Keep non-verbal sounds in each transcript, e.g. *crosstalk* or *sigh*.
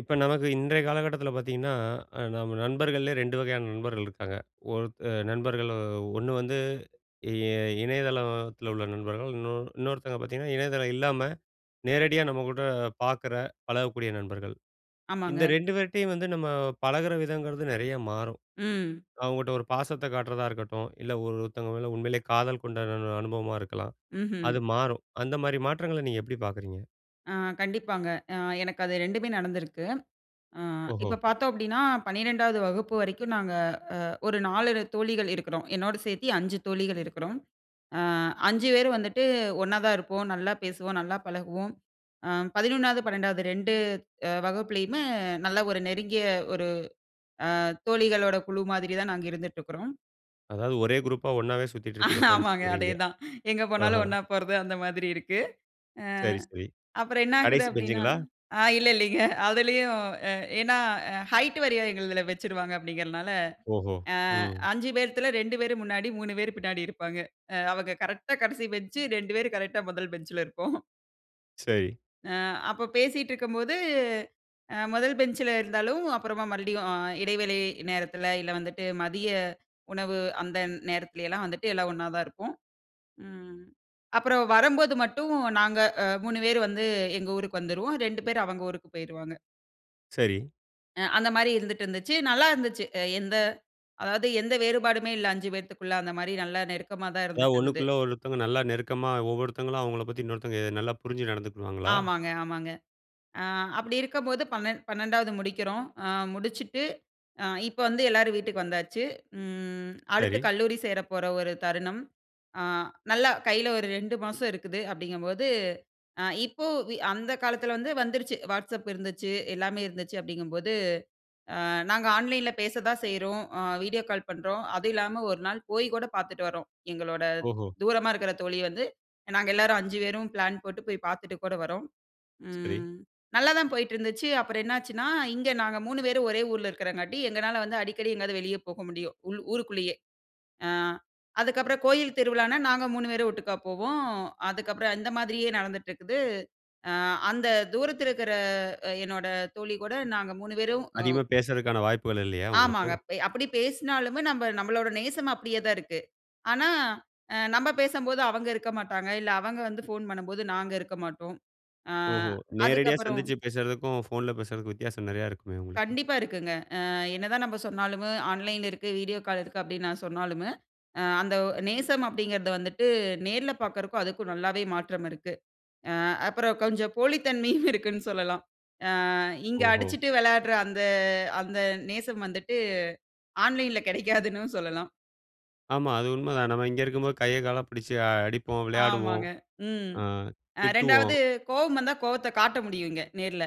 இப்ப நமக்கு இன்றைய காலகட்டத்துல பாத்தீங்கன்னா, அ நம்ம நண்பர்கள்லயே ரெண்டு வகையான நண்பர்கள் இருக்காங்க. ஒருத் அ நண்பர்கள் அ ஒண்ணு வந்து, இ இணையதளத்துல த்துல உள்ள நண்பர்கள். இன்னோ இன்னொருத்தவுங்க பாத்தீங்கன்னா, இணையதளம் இல்லாம நேரடியா நம்ம கூட பாக்குற, பழகக்கூடிய நண்பர்கள். இந்த ஆமாங்க. ரெண்டு பேர்ட்டேயும் வந்து, நம்ம பழகுற விதங்குறது நெறய மாறும். ம். அவுங்கட்ட ஒரு பாசத்த காட்றதா இருக்கட்டும், இல்ல ஒரு, ஒருத்தவுங்க மேல உண்மையிலயே காதல் கொண்ட அனு அனு அனுபவமா இருக்கலாம். ம்ஹ்ம். அது மாறும். அந்த மாரி மாற்றங்கள நீங்க எப்படி பாக்குறீங்க? அ கண்டிப்பாங்க. அ எனக்கு அது ரெண்டுமே நடந்துருக்கு. அ ஓஹோ! இப்ப பாத்தோம் அப்படின்னா, 12 டாவது வகுப்பு வரைக்கும் நாங்க அ ஒரு நாலு தோழிகள் இருக்குறோம், என்னோட சேத்தி 5 தோழிகள் இருக்குறோம். அ 5 பேரும் வந்துட்டு ஒண்ணாதா இருப்போம், நல்லா பேசுவோம், நல்லா பழகுவோம். அ 11, 12 ரெண்டு அ வகுப்புலயுமே நல்ல ஒரு நெருங்கிய ஒரு அ தோழிகளோட குழு மாதிரி தான் நாங்க இருந்துட்டு இருக்குறோம். அதாவது ஒரே குரூப்‌பா ஒண்ணாவே சுத்திட்டு இருப்பீங்க, ஆமாங்க, ஃப்ரெண்ட்ஸ்ங்றீங்க. அதேதான். எங்க ஆஹ. போனாலும் ஒண்ணா போறது அந்த மாதிரி இருக்கு. அ சரி, சரி. அப்புறம் என்னாகுது கடைசி அப்டீன்னா பெஞ்ச்ங்களா? அ இல்ல, இல்லைங்க அதுலயும் எ ஏன்னா, ஹைட் வாரியா எங்களுதுல வச்சுருவாங்க அப்படிங்கிறதுனால, ஓஹோ! அ ம். 5 பேத்துல, 2 பேரு முன்னாடி, 3 பேரு பின்னாடி இருப்பாங்க. அ அவுங்க கரெக்ட்‌டா கடைசி பெஞ்ச், 2 பேரு கரெக்ட்‌டா மொதல் பெஞ்சுல இருப்போம். சரி. அ அப்ப பேசிட்டுருக்கும்போது, அ மொதல் பெஞ்ச்சில இருந்தாலும், அப்பறமா மறுபடியும் அ இடைவெளை நேரத்துல இல்ல வந்துட்டு, மதிய உணவு அந்த நேரத்துலயலாம் வந்துட்டு எல்லாம், ஒண்ணாதான் இருப்போம். ம் அப்பறம் வரம்போது மட்டும், நாங்க அ 3 பேர் வந்து எங்க ஊருக்கு வந்துருவோம். 2 பேர் அவங்க ஊருக்கு போயிருவாங்க. சரி. அ அந்த மாரி இருந்துட்டு இருந்துச்சு. நல்லா இருந்துச்சு. எ எந்த அதாவது எந்த வேறுபாடுமே இல்லை 5 பேத்துக்குள்ள. அந்த மாரி, நல்லா நெருக்கமா தான் அதாவது இருந்துட்டு இருந்தது. ஒண்ணுக்குள்ள ஒருத்தவுங்க, நல்லா நெருக்கமா ஒவ்வொருத்தங்களும் அவங்கள பத்தி இன்னொருத்தங்க நல்லா புரிஞ்சு நடந்துக்குடுவாங்களா? ஆமாங்க, ஆமாங்க. ஆ அப்படி இருக்கும்போது, பன்னெண்ட் பன்னெண்டாவது முடிக்கிறோம். அ முடிச்சுட்டு, அ இப்ப வந்து, எல்லாரும் வீட்டுக்கு வந்தாச்சு. ம் அடுத்து சரி. கல்லூரி சேரப்போற ஒரு தருணம். அ நல்லா கையில ஒரு 2 மாசம் இருக்குது அப்படிங்கும்போது, அ இப்போ வி அந்த காலத்துல வந்து வந்துருச்சு, வாட்ஸ்அப் இருந்துச்சு, எல்லாமே இருந்துச்சு அப்படிங்கும்போது, அ நாங்க ஆன்லைன்ல பேச தான் செய்றோம். அ வீடியோ கால் பண்றோம். அதுவும் இல்லாம, ஒரு நாள் போய் கூட பாத்துட்டு வரோம். எங்களோட ஓஹோ! தூரமா இருக்குற தோழிய வந்து, நாங்க எல்லாரும், 5 பேரும் பிளான் போட்டு போய் பாத்துட்டு கூட வரோம். சரி. ம் நல்லாதான் போயிட்டுருந்துச்சு. அப்பறம் என்னாச்சுன்னா, இங்க நாங்க 3 பேரும் ஒரே ஊர்ல இருக்கிறங்காட்டி, எங்கனால வந்து அடிக்கடி எங்கயாவது வெளிய போக முடியும். உள் ஊருக்குள்ளேயே. அ அதுக்கப்பறம் கோயில் திருவிழானா, நாங்க 3 பேரும் ஒட்டுக்கா போவோம். அதுக்கப்பறம், இந்த மாதிரியே நடந்துட்டு இருக்குது. அ அந்த தூரத்துல இருக்குற அ என்னோட தோழி கூட நாங்க 3 பேரும் அ அதிகமா பேசுறதுக்கான வாய்ப்புகள் இல்லையா? உங்களுக்கு. ஆமாங்க. பே அப்படி பேசுனாலுமே, நம்ப நம்பளோட நேசம் அப்படியே தான் இருக்கு. ஆனா, அ நம்ப பேசம்போது அவங்க இருக்கமாட்டாங்க. இல்ல, அவங்க வந்து ஃபோன் பண்ணும்போது நாங்க இருக்க மாட்டோம். அ ஓஹோ! நேரடியா அதுக்கப்பறம் சந்திச்சு பேசுறதுக்கும், ஃபோன்‌ல பேசுறதுக்கும் வித்தியாசம் நெறையா இருக்குமே, உங்களுக்கு? கண்டிப்பா இருக்குங்க. அ என்னதான் நம்ம சொன்னாலுமே, ஆன்லைன் இருக்கு, வீடியோ கால் இருக்கு அப்படின்னு நான் சொன்னாலுமே அ அந்த ஒ நேசம் அப்படிங்கிறத வந்துட்டு, நேர்ல பாக்குறதுக்கும் அதுக்கும், நல்லாவே மாற்றம் இருக்கு. அ அப்பறம் கொஞ்சம் போலித் தன்மையும் இருக்குன்னு சொல்லலாம். அ இங்க ஓஹோ! அடிச்சுட்டு வெளையாடுற அந்த அந்த நேசம் வந்துட்டு ஆன்லைன்ல கிடைக்காதுன்னும் சொல்லலாம். ஆமா. அது உண்மதான். நம்ம இங்க இருக்கும்போது கைய கால பிடிச்சு அடிப்போம், விளையாடுவோம். ஆமாங்க. ம். ஆ அ திட்டுவோம். 2வது கோவம் வந்தா கோவத்த காட்ட முடியுங்க, நேர்ல.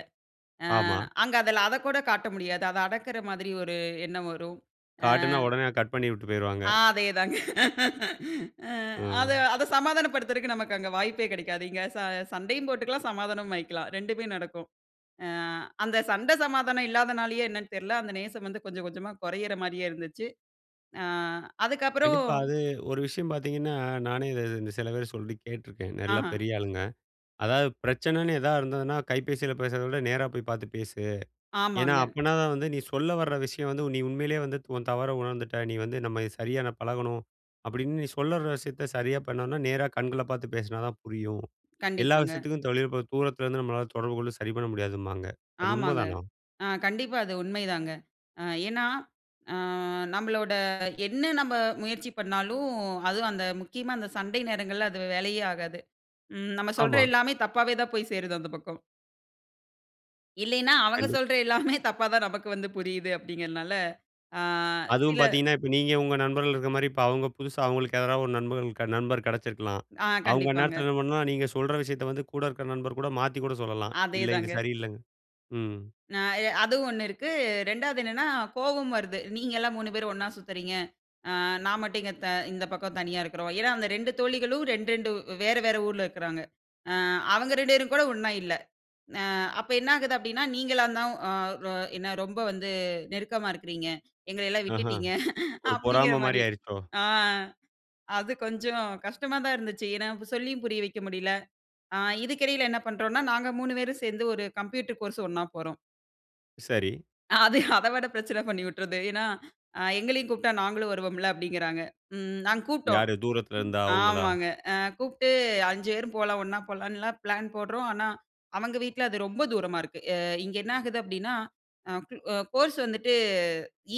அ ஆமா. அங்க அதில அதக்கூட காட்ட முடியாது. அத அடக்கிற மாதிரி ஒரு எண்ணம் வரும். அ. காட்டுனா உடனே கட் பண்ணி விட்டு போயிருவாங்க. அதே தாங்க. அது ம். அத சமாதானப்படுத்துறக்கு நமக்கு அங்க வாய்ப்பே கிடைக்காது. இங்க ச சண்டையும் போட்டுக்கலாம். சமாதானமும் ஆயிக்கலாம். 2 மே நடக்கும். அ அந்த சண்டை சமாதானம் இல்லாதனாலயே என்னன்னு தெர்ல, அந்த நேசம் வந்து கொஞ்சம், கொஞ்சமா கொறையிற மாரியே இருந்துச்சு. அ அதுக்கப்பறம் கண்டிப்பா. அது ஒரு விஷயம் பார்த்தீங்கன்னா, நானே இத இந்த சில பேர் சொல்லி கேட்டுருக்கேன். நல்ல ஆஹா. பெரிய ஆளுங்க. அதாவது பிரச்சனைன்னு எதா இருந்ததுன்னா கைபேசில பேசுறத விட, நேரா போய் பார்த்து பேசு. ஏன்னா, ஆமாங்க. அப்பன்னாதான் வந்து நீ சொல்ல வர விஷயம் வந்து நீ உண்மையிலே வந்து த உன் தவற உணர்ந்துட்ட, நீ வந்து "நம்ம சரியா நான் பழகணும்", அப்பிடின்னு நீ சொல்ல வர்ற விஷயத்த சரியா பண்ணோன்னா, நேரா கண்கள பார்த்து பேசினா தான் புரியும். எல்லா கண்டிப்பாங்க. விஷயத்துக்கும் தொழில் இப்ப தூரத்திலேருந்து நம்மளால தொடர்புகொண்டு சரி பண்ண முடியாதும்பாங்க. அது ஆமாங்க. உண்மைதானா? ஆ கண்டிப்பா அது உண்மைதாங்க. அ ஏன்னா அ நம்மளோட என்ன நம்ப முயற்சி பண்ணாலும், அதுவும் அந்த முக்கியமா அந்த சண்டை நேரங்கள்ல அது வேலைக்கே ஆகாது. ம் நம்ம சொல்ற ஆமா. எல்லாமே தப்பாவே தான் போய் சேருது அந்த பக்கம். இல்லையின்னா, அவுங்க கண்டிப் சொல்ற எல்லாமே தப்பாதான் நமக்கு வந்து புரியுது அப்பிடிங்கிறனால, ஆ அதுவும் சில. பாத்தீங்கன்னா, இப்ப நீங்க உங்க நண்பர்கள் இருக்குறமாரி, இப்ப அவுங்க புதுசா அவுங்களுக்கு யாராவது ஒரு நண்பர்கள் க நண்பர் கெடச்சிருக்கலாம். ஆ அவுங்க அந்நேரத்துல கண்டிப்பாங்க. என்ன பண்ணலாம், நீங்க சொல்ற விஷயத்த வந்து கூட இருக்க நண்பர்கூட மாத்திக் கூட சொல்லலாம். இல்லை. இது அதேதாங்க. சரியில்லங்க. ம். அ எ அதுவும் ஒண்ணு இருக்கு. ரெண்டாவது என்னன்னா, கோவம் வருது, நீங்கள்லாம் 3 பேர் ஒண்ணா சுத்துறீங்க! அ நான் மட்டும் இங்க த இந்த பக்கம் தனியா இருக்குறோம். ஏன்னா, அந்த 2 தோழிகளும், 2, 2 வேற, வேற ஊர்ல இருக்குறாங்க. அ அவங்க 2 பேரும் கூட ஒண்ணா இல்ல. அ அப்ப என்ன ஆகுது அப்பிடின்னா, "நீங்களாந்தான் அ ரொ எனக்கு ரொம்ப வந்து நெருக்கமா இருக்குறீங்க. எங்களையெல்லாம் ஆஹா! விட்டுட்டீங்க" ஒரு பொறாமமாரி அப்பிடிங்கிறமாரி. ஆயிருச்சோ? ஆ அது கொஞ்சம் கஷ்டமா தான் இருந்துச்சு. ஏன்னா, ப் சொல்லியும் புரிய வைக்க முடியல. ஆ இதுக்கு இடையில என்ன பண்றோன்னா, நாங்க மூணு பேரும் சேர்ந்து ஒரு கம்ப்யூட்டர் கோர்ஸ் ஒண்ணா போறோம். சரி. அது அதை விட பிரச்சனை பண்ணி வுட்றுது. ஏன்னா, அ எங்களையும் கூப்பிட்டா நாங்களும் வருவோம்ல. அப்பிடிங்கிறாங்க. ம் நாங்க கூப்ட்டோம் யாரு? தூரத்துல இருந்த, அவுங்களா? ஆமாங்க. ஆ கூப்ட்டு 5 பேரும் போலாம், ஒண்ணா போலான்லாம் பிளான் போடுறோம். ஆனா, அவுங்க வீட்ல அது ரொம்ப தூரமா இருக்கு. அ இங்க என்ன ஆகுது அப்பிடின்னா, அ குல் அ கோர்ஸ் வந்துட்டு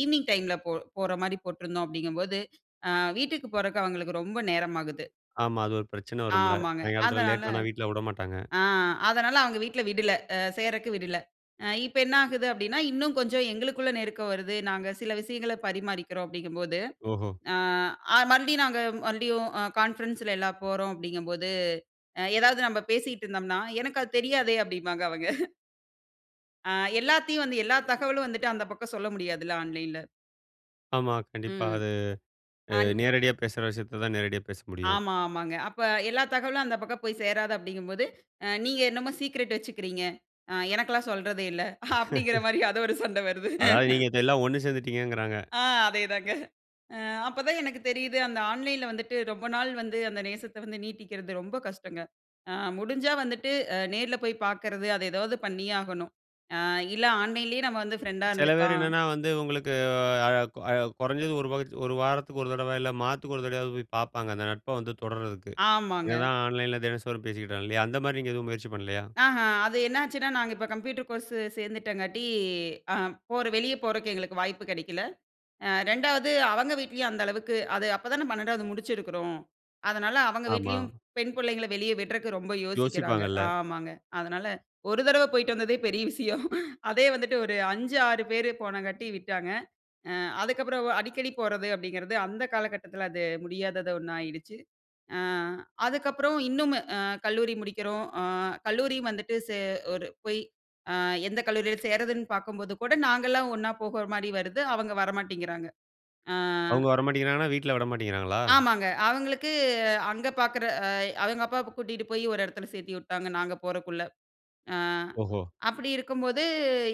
ஈவ்னிங் டைம்ல போ போறமாரி போட்டிருந்தோம் அப்பிடிங்கம்போது, அ வீட்டுக்கு போறக்கு அவுங்களுக்கு ரொம்ப நேரம் ஆகுது. ஆமா. அது ஒரு பிரச்சன வரும்ல. ஆமாங்க. சாயங்காலத்துல அதனால லேட்டானா, வீட்ல விடமாட்டாங்க. ஆ அதனால அவங்க வீட்ல விடல. அ சேர்றதுக்கு விடல. அ இப்ப என்ன ஆகுது அப்பிடின்னா, இன்னும் கொஞ்சம் எங்களுக்குள்ள நெருக்கம் வருது. நாங்க சில விஷயங்கள பரிமாறிக்கிறோம் அப்பிடிங்கும்போது, ஓஹோ! அ அ மறுபடியும் நாங்க மறுபடியும் அ கான்ஃபரன்ஸ்ல எல்லாம் போறோம் அப்பிடிங்கும்போது, அ எதாவது நம்ம பேசிக்கிட்டு இருந்தம்னா, "எனக்கு அது தெரியாதே!" அப்பிடிம்பாங்க அவங்க. *chuckles* அ எல்லாத்தையும் வந்து எல்லா தகவலும் வந்துட்டு அந்த பக்கம் சொல்ல முடியாதுல்ல. ஆன்லைன்‌ல? ஆமா கண்டிப்பா. ம். அது அ அந் நேரடியா பேசுற விஷயத்த தான் நேரடியா பேச முடியும். ஆமா, ஆமாங்க. அப்ப எல்லா தகவலும் அந்த பக்கம் போய் சேராது அப்படிங்கும்போது அ "நீங்க என்னமோ சீக்ரெட் வச்சுக்கிறீங்க. அ எனக்கெல்லா சொல்றது இல்ல." அப்படிங்கிற *chuckles* மாதிரி அது ஒரு சண்டை வருது. அதாவது நீங்க *giggles* இத எல்லா ஒண்ணு சேர்ந்துட்டீங்ககுறாங்க. அ அதேதாங்க அ அப்ப தான் எனக்கு தெரியுது, அந்த ஆன்லைன்ல வந்துட்டு ரொம்ப நாள் வந்து அந்த நேசத்த வந்து நீட்டிக்கிறது ரொம்ப கஷ்டங்க. அ முடிஞ்சா வந்துட்டு அ நேர்ல போய் பார்க்குறது, அத ஏதாவது பண்ணியே ஆகணும். அ இல்ல ஆன்லைன்‌லயே நம்ம வந்து ஃப்ரெண்டா சில பேர் இருந்துக்கலாம். என்னன்னா வந்து உங்களுக்கு அ அ குறைஞ்சது ஒரு *unintelligible* ஒரு வாரத்துக்கு ஒரு தடவ, இல்ல மாதத்துக்கு ஒரு தடவையாவது போய் பாப்பாங்க. அந்த நட்ப வந்து தொடர்றதுக்கு. என்ன ஆமாங்க. தான் ஆன்லைன்ல தினந்தோறும் பேசிட்டாலும் இல்லையா? அந்த மாதிரி நீங்க எதுவும் முயற்சி பண்ணலயா? அஹ, அது என்னாச்சுன்னா நாங்க இப்போ கம்ப்யூட்டர் கோர்ஸ் சேர்ந்துட்டங்காட்டி அ போற வெளிய போறக்கு எங்களுக்கு வாய்ப்பு கெடைக்கல. அ 2 ஆவது அவுங்க வீட்லயும் அந்த அளவுக்கு அது அப்ப தான 12 ஆவது முடிச்சுருக்குறோம். அதனால அவங்க ஆமா. வீட்லயும் பெண் புள்ளைங்கல வெளிய விடுறக்கு ரொம்ப யோசிக்கிறாங்க. யோசிப்பாங்கல்ல. ஆமாங்க. அதனால ஒரு தடவ போய்ட்டு வந்ததே பெரிய விஷயம். *giggles* அதே வந்துட்டு ஒரு 5, 6 பேர் போனங்காட்டி விட்டாங்க. அ அதுக்கப்புறம் அடிக்கடி போறது அப்படிங்கிறது அந்த காலகட்டத்துல அது முடியாதது ஒண்ணாயிடுச்சு. அ அதுக்கப்புறம் இன்னும்மு அ கல்லூரி முடிக்கிறோம். அ கல்லூரியும் வந்துட்டு சே ஒரு போய் அ எந்த கல்லூரியில சேர்றதுன்னு பார்க்கும்போது கூட நாங்கள்லா ஒண்ணா போகுற மாதிரி வருது. அவுங்க வரமாட்டிங்கிறாங்க. அ. அவுங்க வரமாட்டேங்கிறாங்கன்னா, வீட்டுல விடமாட்டேங்கிறாங்களா? ஆமாங்க. அவுங்களுக்கு அங்க பார்க்குற அ அவங்க அப்பாவ கூட்டிட்டு போய் ஒரு இடத்துல சேர்த்தி உட்டாங்க, நாங்க போறக்குள்ள. அ ஓஹோ! அப்படி இருக்கும்போது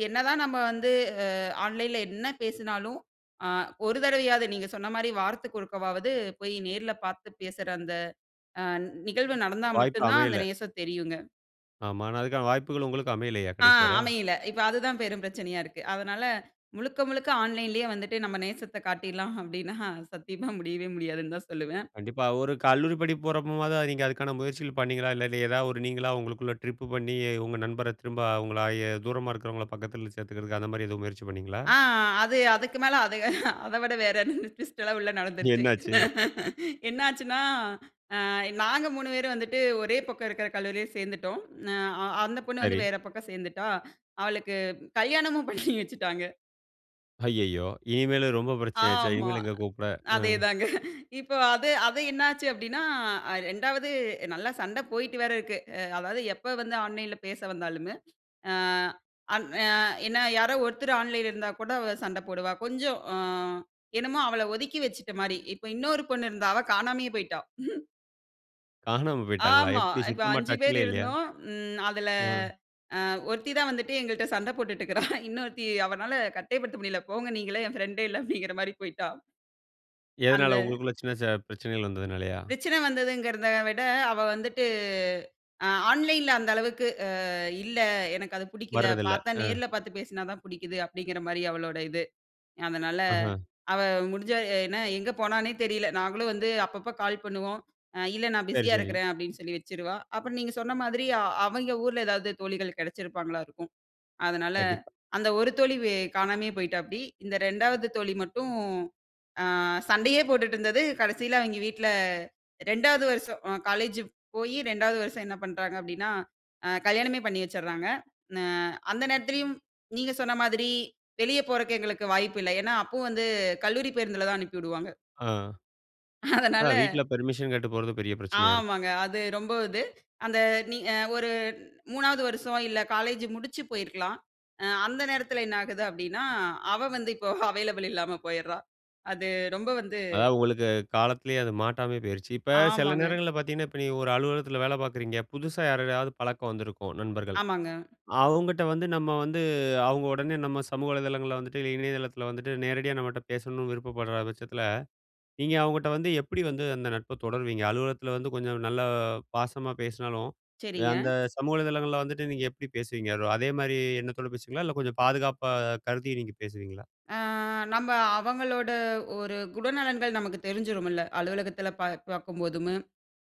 என்னதான் நம்ம வந்து அ ஆன்லைன்ல என்ன பேசினாலும், அ ஒரு தடவையாவது நீங்க சொன்ன மாதிரி வாரத்துக்கு ஒருக்கவாவது போய் நேர்ல பார்த்து பேசுற அந்த அ நிகழ்வு நடந்தா வாய்ப்பு மட்டும் தான் அந்த அமையல. நேசம் தெரியும்ங்க. ஆமா. ஆனா, அதுக்கான வாய்ப்புகளும் உங்களுக்கு அமையலயா? ஆ, கடைசி வர. அமையல. இப்ப அதுதான் பெரும் பிரச்சனையா இருக்கு. அதனால, முழுக்க முழுக்க ஆன்லைன்‌லேயே வந்துட்டு நம்ம நேசத்த காட்டிர்லாம் அப்டீன்னா, சத்தியமா முடியவே முடியாதுனு தான் சொல்லுவேன். கண்டிப்பா. ஒரு கல்லூரி படிப்பு போறப்போமாவது, அது நீங்க அதுக்கான முயற்சிகள் பண்ணீங்களா? இல்ல, இது எதா ஒரு நீங்களா உங்களுக்குள்ள ட்ரிப் பண்ணி, உங்க நண்பர திரும்ப உங்கள ஆயி தூரமா இருக்கவங்கள பக்கத்தில சேர்த்துக்கிறதுக்கு, அந்தமாரி எதுவும் முயற்சி பண்ணீங்களா? ஆ, அது அதுக்கு மேல அத அத விட வேற என்ன? ட்விஸ்ட்ல்லாம் உள்ள நடந்துருச்சு. என்னாச்சு? என்ன ஆச்சுன்னா, அ நாங்க 3 பேரும் வந்துட்டு, ஒரே பக்கம் இருக்கிற கல்லூரில சேர்ந்துட்டோம். ந அ அந்த பொண்ணு வந்து சரி. வேற பக்கம் சேர்ந்துட்டா. அவளுக்கு கல்யாணமும் பண்ணி வச்சுட்டாங்க. ஐய்யய்யோ! இனிமேலும் ரொம்ப பிரச்சன ஆச்சே! ஆமா. இனிமேலு எங்க கூப்பிட? அ. அதேதாங்க. இப்ப அது, அது என்னாச்சு அப்பிடின்னா, அ ரெண்டாவது நல்லா சண்ட போயிட்டு வேற இருக்கு. அ அதாவது எப்ப வந்து ஆன்லைன்ல பேச வந்தாலுமே, அ அன் அ என்ன யாரோ ஒருத்தர் ஆன்லைன்ல இருந்தா கூட அவ சண்ட போடுவா. கொஞ்சம் அ என்னமோ அவள ஒதுக்கி வச்சுட்டமாரி. இப்ப இன்னொரு பொண்ணு இருந்தா அவ காணாமயே போயிட்டா. *chuckles* காணாம போயிட்டாங்களா? ஆமா. எப்பிடி இப்ப சுத்தமா 5 பேரு டச்‌லே இல்லயா? இருந்தோம். ம் அதில அ. அ ஒருத்தி தான் வந்துட்டு எங்கள்ட சண்ட போட்டுட்டு இருக்கிறா. இன்னொருத்தி அவனால கட்டே படுத்த முடியல. "போங்க நீங்கல்லாம் என் ஃபிரெண்ட்‌டே இல்ல." அப்பிடிங்கிறமாரி போயிட்டா. அந்த எதனால உங்களுக்குள்ள சின்ன ச பிரச்சனைகள் வந்ததுனாலயா? பிரச்சன வந்ததுங்கிறத விட, அவ வந்துட்டு அ ஆன்லைன்ல அந்த அளவுக்கு "அ இல்ல, எனக்கு அது புடிக்கல. வர்றதில்ல. பார்த்தா அ. நேர்ல பார்த்து பேசினா தான் புடிக்குது." அப்படிங்கிறமாரி அவளோட இது. அதனால, ஆஹ. அவ முடிஞ்சா என்ன எங்க போனான்னே தெரியல. நாங்களும் வந்து அப்பப்ப கால் பண்ணுவோம். "அ இல்ல நான் சரி, பிஸியா சரி. இருக்கிறேன்." அப்பிடின்னு சொல்லி வச்சுருவா. அப்பறம் நீங்க சொன்ன மாதிரி, அ அவங்க ஊர்ல எதாவது தோழிகள் கிடைச்சிருப்பாங்களா இருக்கும். அதனால கண்டிப்பா. அந்த ஒரு தோழி வே காணாமயே போய்ட்டாப்டி. இந்த 2 ஆவது தோழி மட்டும் அ சண்டையே போட்டுட்டு இருந்தது, கடைசில அவங்க வீட்ல 2 வது வருஷம் அ காலேஜ் போயி 2 வது வருஷம் என்ன பண்றாங்க அப்படின்னா, அ கல்யாணமே பண்ணி வச்சுறாங்க. ந அந்த நேரத்திலேயும் நீங்க சொன்ன மாதிரி வெளிய போறதுக்கு எங்களுக்கு வாய்ப்பு இல்ல. ஏன்னா, அப்பவும் வந்து கல்லூரி பேருந்தில தான் அனுப்பிடுவாங்க. ஆ. ஆ, அதனால. வீட்ல பெர்மிஷன் கேட்டு போறது பெரிய பிரச்சனையா இருக்கு. ஆமாங்க. அது ரொம்ப இது. அந்த நீங்க ஒரு 3 ஆவது வருஷம் இல்ல காலேஜ் முடிச்சு போயிருக்கலாம். அ அந்த நேரத்தில என்ன ஆகுது அப்படின்னா, அவ வந்து இப்போ அவைலபிள் இல்லாம போயிட்றா. அது ரொம்ப வந்து அதாவது உங்களுக்கு காலத்திலேயே அது மாட்டாமயே போயிருச்சு. இப்ப சில ஆமாங்க. நேரங்கள்ல பார்த்தீங்கன்னா, இப்ப நீங்க ஒரு அலுவலகத்தில வேல பார்க்குறீங்க. புதுசா யாரோடயாவது பழக்கம் வந்திருக்கும், நண்பர்கள். ஆமாங்க. அவங்கட்ட வந்து நம்ம வந்து அவுங்க உடனே நம்ம சமூக வலைதளங்கள்ல வந்துட்டு இல்ல இணையதளத்தில வந்துட்டு நேரடியா நம்மட்ட பேசணும்னு விருப்பப்பட்ற பட்சத்தில, நீங்க அவுங்கட்ட வந்து எப்படி வந்து அந்த நட்ப தொடருவீங்க? அலுவலகத்தில வந்து கொஞ்சம் நல்லா பாசமா பேசினாலும், சரிங்க. அந்த சமூக வலைதளங்கள்ல வந்துட்டு நீங்க எப்படி பேசுவீங்க? அது அதேமாரி எண்ணத்தோட பேசுவீங்களா? இல்ல கொஞ்சம் பாதுகாப்பா கருதி நீங்க பேசுவீங்களா? அ நம்ம அவங்களோட ஒரு குணநலன்கள் நமக்கு தெரிஞ்சிருமில்ல. அலுவலகத்தில பா பார்க்கும்போதும்,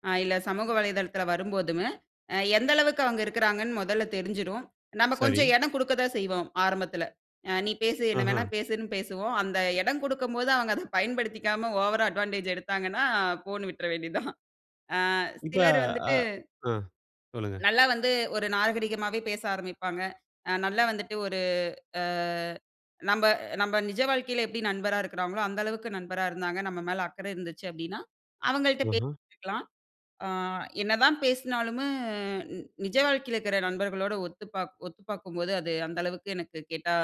அ இல்ல சமூக வலைதளத்தில வரும்போதும், அ எந்த அளவுக்கு அவங்க இருக்கிறாங்கன்னு முதல்ல தெரிஞ்சிரும். நம்ம கொஞ்சம் சரி. இடம் குடுக்க தான் செய்வோம் ஆரம்பத்தில. அ நீ பேசு, என்ன ஆஹா. வேணா பேசுன்னு பேசுவோம். அந்த இடம் குடுக்கும்போது, அவுங்க அத பயன்படுத்திக்காம, ஓவரா அட்வான்டேஜ் எடுத்தாங்கன்னா, போன்னு விட்ற வேண்டியதான். அ இப்ப சிலர் ஆ வந்துட்டு அ. சொல்லுங்க. நல்லா வந்து ஒரு நாகரீகமாவே பேச ஆரம்பிப்பாங்க. அ நல்லா வந்துட்டு ஒரு அ நம்ப நம்ப நிஜ வாழ்க்கையில எப்படி நண்பரா இருக்கிறாங்களோ, அந்த அளவுக்கு நண்பரா இருந்தாங்க. நம்ம மேல அக்கறை இருந்துச்சு அப்பிடீன்னா, அவுங்கள்ட்ட பே ஆஹா. *unintelligible* அ என்னதான் பேசினாலுமே நிஜ வாழ்க்கையில இருக்கிற நண்பர்களோட ஒத்துப்பாக் ஒத்துபார்க்கும்போது அது அந்த அளவுக்கு எனக்கு கேட்டா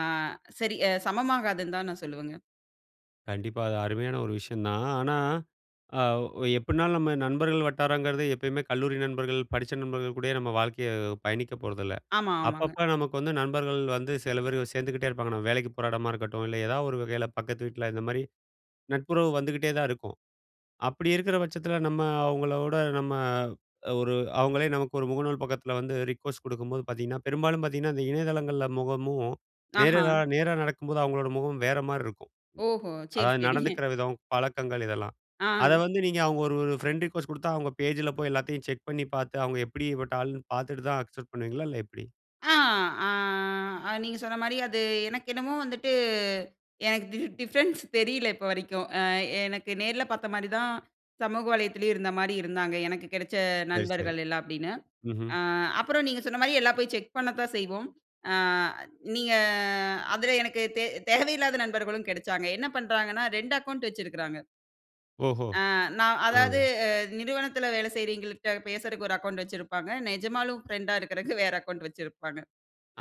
அ சரி அ சமமாகாதுன்னு தான் நான் சொல்லுவேங்க. கண்டிப்பா. அது அருமையான ஒரு விஷயம் தான். ஆனா, அ ஒ எப்படினாலும் நம்ம நண்பர்கள் வட்டாரங்கிறது, எப்பயுமே கல்லூரி நண்பர்கள், படிச்ச நண்பர்கள் கூடயே நம்ம வாழ்க்கைய பயணிக்க போறதில்ல. ஆமா, ஆமாங்க. அப்பப்ப நமக்கு வந்து நண்பர்கள் வந்து, செல பேரு சேந்துக்கிட்டே இருப்பாங்க. நம்ம வேலைக்கு போற எடமா இருக்கட்டும், இல்ல ஏதாவது ஒரு வகையில பக்கத்து வீட்ல, இந்த மாரி நட்புறவு வந்துகிட்டே தான் இருக்கும். அப்படி இருக்குற பட்சத்துல நம்ம அவங்கள விட, நம்ம அ ஒரு அவங்களே நமக்கு ஒரு முகநூல் பக்கத்துல வந்து ரிக்வஸ்ட் குடுக்கும்போது பாத்தீங்கன்னா, பெரும்பாலும் பாத்தீங்கன்னா, அந்த இணையதளங்கள்ல முகமும், நேர கா ஆஹ. நேரா நடக்கும்போது அவங்களோட முகமும், வேற மாரி இருக்கும். ஓஹோ! சரி, அதாவது சரி. நடந்துக்கிற விதம், பழக்கங்கள் இதெல்லாம். அதை ஆ. வந்து நீங்க அவுங்க ஒரு, ஒரு ஃப்ரெண்ட் ரெஃயூஸ்ட் குடுத்தா, அவுங்க பேஜ்ல போய் எல்லாத்தயும் செக் பண்ணி பாத்து, அவுங்க எப்படி பட்ட ஆள்னு பாத்துட்டு தான் அக்செப்ட் பண்ணுவீங்களா? இல்ல எப்படி? ஆ, அ. அ நீங்க சொன்ன மாரி, அது எனக்கு என்னமோ வந்துட்டு, எனக்கு டி டிஃப்ரென்ஸ் தெரியல இப்ப வரைக்கும். ஆ, எனக்கு நேர்ல பாத்த மாரி தான், சமூக வலைத்தளத்துலயும் இருந்த மாரி இருந்தாங்க, எனக்கு கெடச்ச சரி, சரி. நண்பர்கள் எல்லா அப்படின்னு. ம்ஹ்ம். அ அப்புறம் நீங்க சொன்ன மாரி, எல்லா போய் செக் பண்ணத்தான் செய்வோம். அ, நீங்க அதுல எனக்கு தே தேவையில்லாத நண்பர்களும் கெடச்சாங்க. என்ன பண்ணுறாங்கன்னா, 2 அக்கவுண்ட் வச்சுருக்குறாங்க. ஓஹோ! அ, நான் அதாவது, ஆ. நிறுவனத்தில வேலை செய்றவய்ங்கள்ட்ட பேசறதுக்கு ஒரு அக்கவுண்ட் வச்சிருப்பாங்க. நெஜமாலும் ஃப்ரெண்ட்டா இருக்கிறதுக்கு வேற அக்கவுண்ட் வச்சிருப்பாங்க.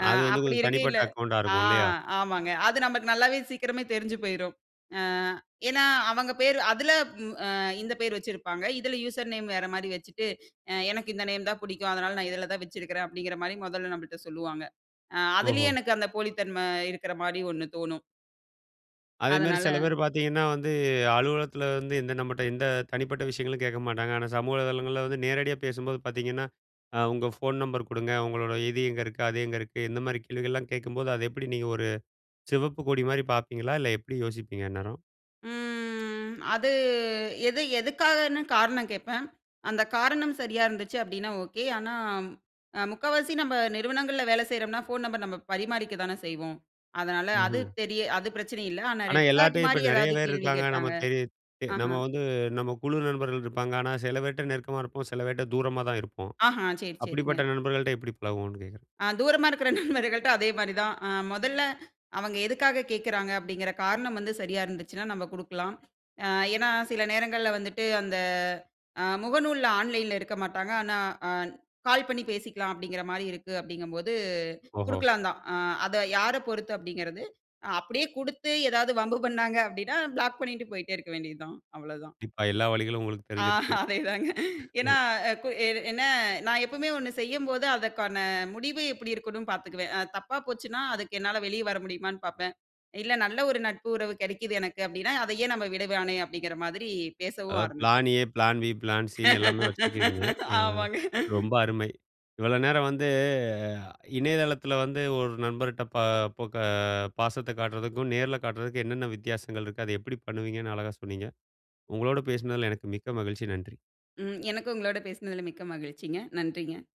அ, அது வந்து, அப்படி கொஞ்சம் இருக்கையில தனிப்பட்ட அக்கௌண்ட்டா ஆ, இருக்கும். இல்லையா? ஆமாங்க. அது நமக்கு நல்லாவே சீக்கிரமே தெரிஞ்சு போயிரும். அ ஏன்னா, அவங்க பேர், அதில வ் அ, இந்த பேர் வச்சிருப்பாங்க. இதில யூசர் நேம் வேற மாரி வச்சுட்டு, எனக்கு இந்த நேம் தான் புடிக்கும், அதனால நான் இதில தான் வச்சிருக்கிறேன் அப்படிங்கிற மாரி மொதல்ல நம்மள்ட்ட சொல்லுவாங்க. அ அதுலயே ஓஹோ! எனக்கு அந்த போலித்தன்மை இருக்கிற மாரி ஒண்ணு தோணும். அதே மாரி அதனால சில பேர் பார்த்தீங்கன்னா வந்து, அலுவலகத்தில வந்து, இந்த நம்மட்ட எந்த தனிப்பட்ட விஷயங்களும் கேட்க மாட்டாங்க. ஆனா சமூக வலைதளங்கள்ள வந்து, நேரடியா பேசும்போது பார்த்தீங்கன்னா, அ, உங்க ஃபோன் நம்பர் குடுங்க, உங்களோட இது எங்க இருக்கு, அது எங்க இருக்கு, இந்த மாதிரி கேள்விகள்லாம் கேக்கும்போது, அதை எப்படி நீங்க ஒரு சிவப்பு கொடி மாரி பாப்பீங்களா? இல்லை எப்புடி யோசிப்பீங்க அந்நேரம்? ம் அது, எது எதுக்காகன்னு காரணம் கேப்பேன். அந்த காரணம் சரியா இருந்துச்சு அப்டின்னா, ஓகே. ஆனா அ முக்காவாசி நம்ம நிறுவனங்கள்ள வேலை செய்றோம்னா, ஃபோன் நம்பர் நம்ம பரிமாறிக்கதான செய்வோம். அதனால அது ம்ஹ்ம். தெரிய அது பிரச்சனை இல்லை. ஆனா ஆனா, ரெட் ஃபிளாக் எல்லார்ட்டையும், இப்ப மாரி நெறைய ஏதாவது பேர் கேள்வி இருப்பாங்க. கேட்டாங்க நமக்கு தெரியுது. ஆஹ, நம்ம வந்து, நம்ம குழு நண்பர்கள் இருப்பாங்க. ஆனா, சில பேர்ட்ட நெருக்கமா இருப்போம். சில பேர்ட்ட தூரமா தான் இருப்போம். ஆஹ, சரி சரிங்க. அப்படிப்பட்ட நண்பர்கள்ட்ட எப்படி பழகுவோன்னு கேக்குறேன். அ, தூரமா இருக்கிற நண்பர்கள்ட்ட அதே மாரி தான், அ மொதல்ல அவங்க எதுக்காக கேக்குறாங்க, அப்படிங்கிற காரணம் வந்து சரியா இருந்துச்சுன்னா நம்ம குடுக்கலாம். அ, ஏன்னா சில நேரங்கள்ள வந்துட்டு அந்த அ முகநூல்ல, ஆன்லைன்ல இருக்க மாட்டாங்க. ஆனா, ஆ கால் பண்ணி பேசிக்கலாம் அப்டிங்கிற மாரி இருக்கு, அப்டிங்கும்போது ஓஹோ! குடுக்கலாந்தான். அ, அதை யாரப் பொறுத்து அப்டிங்கிறது, அப்படியே குடுத்து, ஏதாவது வம்பு பண்ணாங்க அப்டின்னா, ப்ளாக் பண்ணிட்டு போயிட்டே இருக்க வேண்டியது தான். அவ்ளோதான். கண்டிப்பா, எல்லா வழிகளும் உங்களுக்கு ஆ, தெரிஞ்சிருக்கு. அதேதாங்க. ஏன்னா, *chuckles* எ கு என்ன, நான் எப்பவுமே ஒண்ணு செய்யும்போது, அதற்கான முடிவு எப்புடி இருக்குண்ணும்ணு பார்த்துக்குவேன். அ தப்பா போச்சுனா, அதுக்கு என்னால வெளியே வர முடியுமான்னு பாப்பேன். இல்ல, நல்ல ஒரு நட்பு, உறவு கெடைக்குது எனக்கு அப்டீன்னா, அதை ஏன் நம்ப விடவானே அப்டீங்கிற மாதரி பேசவும் அதாவது பிளான் ஆரம்பிப்பேன். ஏ, பிளான் பி, பிளான் சின்னு எல்லாமே வச்சிருக்கிறீங்க. அ ஆமாங்க. ரொம்ப அருமை! இவ்வளோ நேரம் வந்து, அ இணையதளத்தில வந்து, ஒரு நண்பர்ட்ட பா பொக பாசத்த காட்டுறதுக்கும், நேரில காட்டுறதுக்கும், என்னென்ன வித்தியாசங்கள் இருக்கு? அதை எப்புடி பண்ணுவீங்கன்னு, அழகா சொன்னீங்க. உங்களோடு பேசுனதுல எனக்கு மிக்க மகிழ்ச்சி. நன்றி. ம். எனக்கும் உங்களோட பேசுனதுல, மிக்க மகிழ்ச்சிங்க. நன்றிங்க.